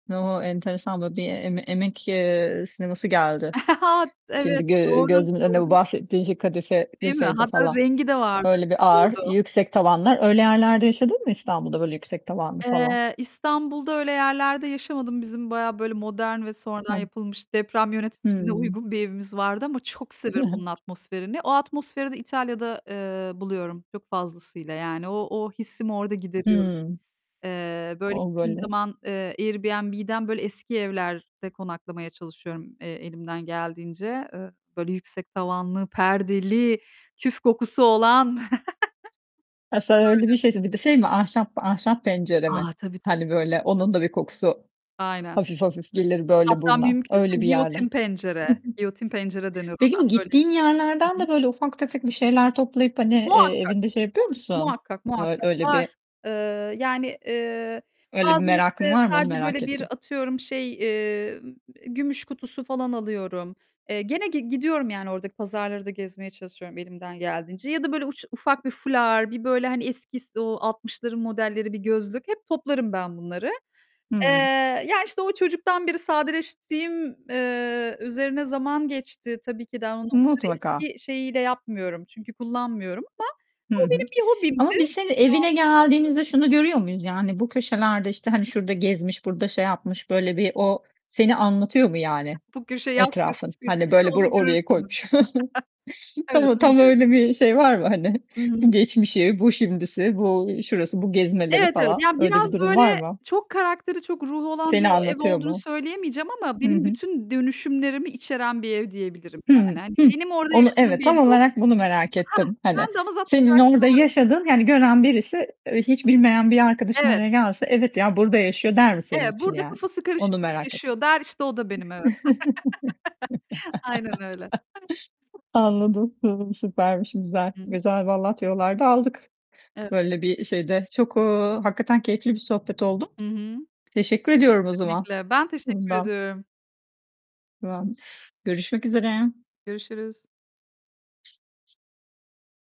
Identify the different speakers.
Speaker 1: O, enteresan böyle bir Em Emek, eee, sineması geldi
Speaker 2: Evet,
Speaker 1: şimdi gö
Speaker 2: doğru,
Speaker 1: gözümün önünde bu
Speaker 2: doğru.
Speaker 1: bahsettiğin şey kadife ve
Speaker 2: Değil mi?
Speaker 1: şeydi
Speaker 2: Hatta
Speaker 1: falan.
Speaker 2: rengi de vardır
Speaker 1: Böyle bir
Speaker 2: onun,
Speaker 1: ağır,
Speaker 2: bordo.
Speaker 1: yüksek tavanlar. Öyle yerlerde yaşadın mı İstanbul'da, böyle yüksek tavanlı falan?
Speaker 2: Eee, İstanbul'da öyle yerlerde yaşamadım. Bizim bayağı böyle modern ve sonradan
Speaker 1: Hıh.
Speaker 2: yapılmış deprem yönetmeliğine
Speaker 1: Hımm.
Speaker 2: uygun bir evimiz vardı ama çok
Speaker 1: Hı
Speaker 2: seviyorum
Speaker 1: hı.
Speaker 2: onun atmosferini. O atmosferi de İtalya'da, eee, buluyorum çok fazlasıyla. Yani o o hissimi orada gideriyorum.
Speaker 1: Hımm.
Speaker 2: Eee, böyle
Speaker 1: O
Speaker 2: gittiğim
Speaker 1: böyle
Speaker 2: zaman, eee, Airbnb'den böyle eski evlerde konaklamaya çalışıyorum e elimden geldiğince. Eee, böyle yüksek tavanlı, perdeli, küf kokusu olan.
Speaker 1: Ha sen öyle
Speaker 2: Böyle.
Speaker 1: bir şeyse, bir de şey mi ahşap ahşap pencere mi?
Speaker 2: A, tabii, tabii,
Speaker 1: Hani
Speaker 2: tabii.
Speaker 1: böyle onun da bir kokusu
Speaker 2: Aynen.
Speaker 1: hafif hafif gelir böyle
Speaker 2: Hatta
Speaker 1: buruna.
Speaker 2: mümkünse
Speaker 1: Öyle bir yerden. Hı hı.
Speaker 2: giyotin pencere, giyotin pencere denir
Speaker 1: Peki
Speaker 2: ona.
Speaker 1: bu
Speaker 2: Böyle
Speaker 1: gittiğin yerlerden
Speaker 2: Hı hı.
Speaker 1: de ufak tefek bir şeyler toplayıp hani, eee,
Speaker 2: Muhakkak.
Speaker 1: evinde şey yapıyor musun?
Speaker 2: muhakkak,
Speaker 1: Ö
Speaker 2: muhakkak.
Speaker 1: öyle
Speaker 2: Var.
Speaker 1: bir
Speaker 2: Eee, yani, eee,
Speaker 1: öyle bir
Speaker 2: bazen
Speaker 1: merakın
Speaker 2: işte
Speaker 1: var mı? Onu
Speaker 2: sadece
Speaker 1: merak
Speaker 2: böyle bir
Speaker 1: ettim.
Speaker 2: atıyorum şey, eee, m gümüş kutusu falan alıyorum. Eee, gene gi gidiyorum yani oradaki pazarları da gezmeye çalışıyorum elimden geldiğince. Ya da böyle uç, ufak bir fular, bir böyle hani eski s o 60'ların modelleri bir gözlük, hep toplarım ben bunları. Eee,
Speaker 1: Hıı.
Speaker 2: ya, işte o çocuktan beri sadeleştiğim, eee, üzerine zaman geçti. Tabii ki daha onu onları
Speaker 1: Mutlaka.
Speaker 2: eski şeyiyle yapmıyorum çünkü kullanmıyorum ama
Speaker 1: Hı
Speaker 2: o
Speaker 1: hı.
Speaker 2: benim bir hobimdi. Devam
Speaker 1: Ama biz
Speaker 2: etmek
Speaker 1: senin evine
Speaker 2: istiyorum.
Speaker 1: geldiğimizde şunu görüyor muyuz? Yani bu köşelerde işte hani şurada gezmiş, burada şey yapmış böyle bir o seni anlatıyor mu yani,
Speaker 2: Bu köşe yaz kös
Speaker 1: etrafın?
Speaker 2: köşesi,
Speaker 1: Hani böyle bu
Speaker 2: onu
Speaker 1: oraya
Speaker 2: görürsünüz.
Speaker 1: koymuş. Tam
Speaker 2: Evet.
Speaker 1: o
Speaker 2: Onu
Speaker 1: tam öyle
Speaker 2: görürsünüz.
Speaker 1: bir şey var mı hani?
Speaker 2: Hı
Speaker 1: Bu
Speaker 2: hı.
Speaker 1: geçmişi, bu şimdisi, bu şurası, bu gezmeleri
Speaker 2: Evet, evet,
Speaker 1: falan.
Speaker 2: ya
Speaker 1: Öyle bir
Speaker 2: biraz
Speaker 1: durum var
Speaker 2: böyle
Speaker 1: mı?
Speaker 2: çok karakteri, çok ruhu olan
Speaker 1: Seni
Speaker 2: bir ev
Speaker 1: anlatıyor
Speaker 2: olduğunu
Speaker 1: mu?
Speaker 2: söyleyemeyeceğim ama
Speaker 1: Hı
Speaker 2: benim
Speaker 1: hı.
Speaker 2: bütün dönüşümlerimi içeren bir ev diyebilirim
Speaker 1: Hı,
Speaker 2: yani hani
Speaker 1: hıh.
Speaker 2: benim orada
Speaker 1: Onu
Speaker 2: yaşadığım
Speaker 1: evet, tam
Speaker 2: belli olur,
Speaker 1: olarak bunu merak
Speaker 2: hah.
Speaker 1: ettim. Hani
Speaker 2: Ben de onu zaten karakter
Speaker 1: senin orada
Speaker 2: olarak...
Speaker 1: yaşadığın, hani gören birisi, eee, hiç bilmeyen bir arkadaşın
Speaker 2: Evet.
Speaker 1: oraya gelse, evet ya burada yaşıyor der mi senin
Speaker 2: Evet,
Speaker 1: için
Speaker 2: burada
Speaker 1: yani?
Speaker 2: kafası
Speaker 1: Onu
Speaker 2: karışık biri
Speaker 1: merak ettim.
Speaker 2: yaşıyor der, işte o da benim, evet. Aynen öyle.
Speaker 1: Anladım. Hımm, süpermiş, güzel.
Speaker 2: [unintelligible]
Speaker 1: Güzel vallahi tüyolar da aldık.
Speaker 2: Evet.
Speaker 1: Böyle bir şeyde çok, eee, hakikaten keyifli bir sohbet oldu.
Speaker 2: Hı hı.
Speaker 1: Teşekkür ediyorum o zaman,
Speaker 2: Kesinlikle, ben teşekkür
Speaker 1: bundan.
Speaker 2: ediyorum.
Speaker 1: [unintelligible] Görüşmek üzere.
Speaker 2: Görüşürüz.